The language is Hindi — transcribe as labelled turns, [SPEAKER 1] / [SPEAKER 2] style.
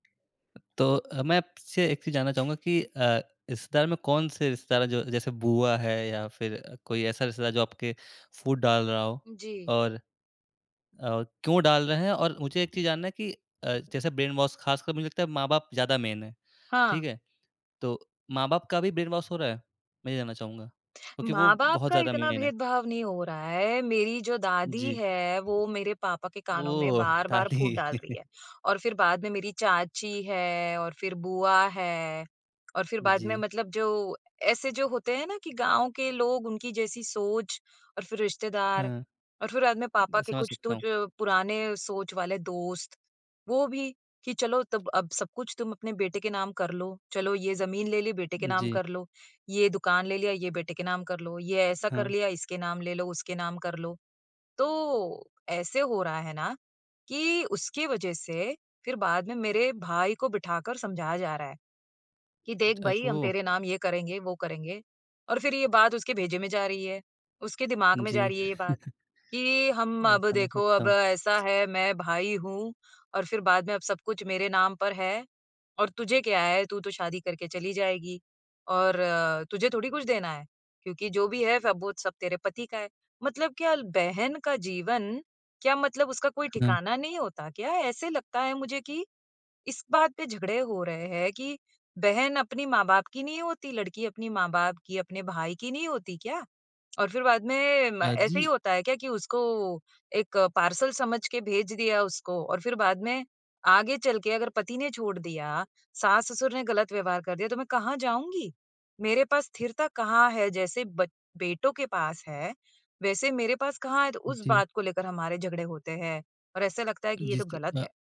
[SPEAKER 1] तो अ, मैं आपसे एक चीज़ जानना चाहूँगा कि अ, रिश्तेदार में कौन से रिश्तेदार हैं जो जैसे बुआ है या फ़िर कोई ऐसा रिश्तेदार जो आपके फूट डाल रहा हो
[SPEAKER 2] जी।
[SPEAKER 1] और, और क्यों डाल रहे हैं? और मुझे एक चीज़ जानना है कि अ, जैसे ब्रेनवॉश खासकर मुझे लगता है माँ-बाप ज़्यादा मेन है। ठीक
[SPEAKER 2] हाँ।
[SPEAKER 1] है? तो माँ-बाप का भी ब्रेनवॉश हो रहा है? मैं ये जानना चाहूँगा क्योंकि वो
[SPEAKER 2] माँ-बाप
[SPEAKER 1] बहुत
[SPEAKER 2] का
[SPEAKER 1] ज़्यादा
[SPEAKER 2] इतना
[SPEAKER 1] मेन है।
[SPEAKER 2] भेदभाव नहीं हो रहा है, मेरी जो दादी
[SPEAKER 1] जी।
[SPEAKER 2] है वो मेरे पापा के कानों में
[SPEAKER 1] ओह!
[SPEAKER 2] बार-बार फूट
[SPEAKER 1] दादी।
[SPEAKER 2] डाल रही है। और फ़िर बाद में मेरी चाची है, और फ़िर बुआ है, और फ़िर बाद में
[SPEAKER 1] जी।
[SPEAKER 2] मतलब जो ऐसे जो होते हैं ना कि गाँव के लोग, उनकी जैसी सोच और फ़िर रिश्तेदार
[SPEAKER 1] हुँ।
[SPEAKER 2] और फ़िर बाद में पापा के
[SPEAKER 1] समझ
[SPEAKER 2] कुछ
[SPEAKER 1] सकता
[SPEAKER 2] तो
[SPEAKER 1] हूँ।
[SPEAKER 2] जो पुराने सोच वाले दोस्त वो भी, "कि चलो तब अब सब कुछ तुम अपने बेटे के नाम कर लो, चलो ये ज़मीन ले ली, बेटे के नाम
[SPEAKER 1] जी।
[SPEAKER 2] कर लो, ये दुकान ले लिया, ये बेटे के नाम कर लो, ये ऐसा कर
[SPEAKER 1] हाँ।
[SPEAKER 2] लिया, इसके नाम ले लो, उसके नाम कर लो।" तो ऐसे हो रहा है ना, कि उसके वजह से फ़िर बाद में मेरे भाई को बिठाकर समझाया जा रहा है। कि, "देख
[SPEAKER 1] अच्
[SPEAKER 2] भाई हम
[SPEAKER 1] ओह!
[SPEAKER 2] तेरे नाम ये करेंगे, वो करेंगे।" और फ़िर ये बात उसके भेजे में जा रही है। उसके दिमाग में जा
[SPEAKER 1] जी।
[SPEAKER 2] रही है ये बात, कि हम
[SPEAKER 1] अ,
[SPEAKER 2] "अब
[SPEAKER 1] समझ
[SPEAKER 2] देखो
[SPEAKER 1] सकता
[SPEAKER 2] अब
[SPEAKER 1] हूँ।
[SPEAKER 2] ऐसा है मैं भाई हूँ" और फ़िर बाद में, "अब सब कुछ मेरे नाम पर है, और तुझे क्या है तू तो शादी करके चली जाएगी और तुझे थोड़ी कुछ देना है। क्योंकि जो भी है सब वो सब तेरे पति का है।" मतलब क्या ल बहन का जीवन क्या मतलब उसका कोई
[SPEAKER 1] हुँ।
[SPEAKER 2] ठिकाना नहीं होता क्या? ऐसे लगता है मुझे कि, इस बात पे झगड़े हो रहे हैं कि बहन अपनी माँ-बाप की नहीं होती, लड़की अपनी माँ-बाप की अपने भाई की नहीं होती क्या? और फ़िर बाद में म
[SPEAKER 1] अ,
[SPEAKER 2] ऐसे ही
[SPEAKER 1] जी
[SPEAKER 2] होता है क्या कि उसको एक पार्सल समझ के भेज दिया उसको और फ़िर बाद में आगे चल के अगर पति ने छोड़ दिया, सास-ससुर ने ग़लत व्यवहार कर दिया तो मैं कहाँ जाऊँगी? मेरे पास स्थिरता कहाँ है जैसे बच बेटों के पास है वैसे मेरे पास कहाँ है? तो उस
[SPEAKER 1] जी।
[SPEAKER 2] बात को लेकर हमारे झगड़े होते हैं और ऐसा लगता है कि ये
[SPEAKER 1] जिस
[SPEAKER 2] तो
[SPEAKER 1] त
[SPEAKER 2] ग़लत है।
[SPEAKER 1] अ।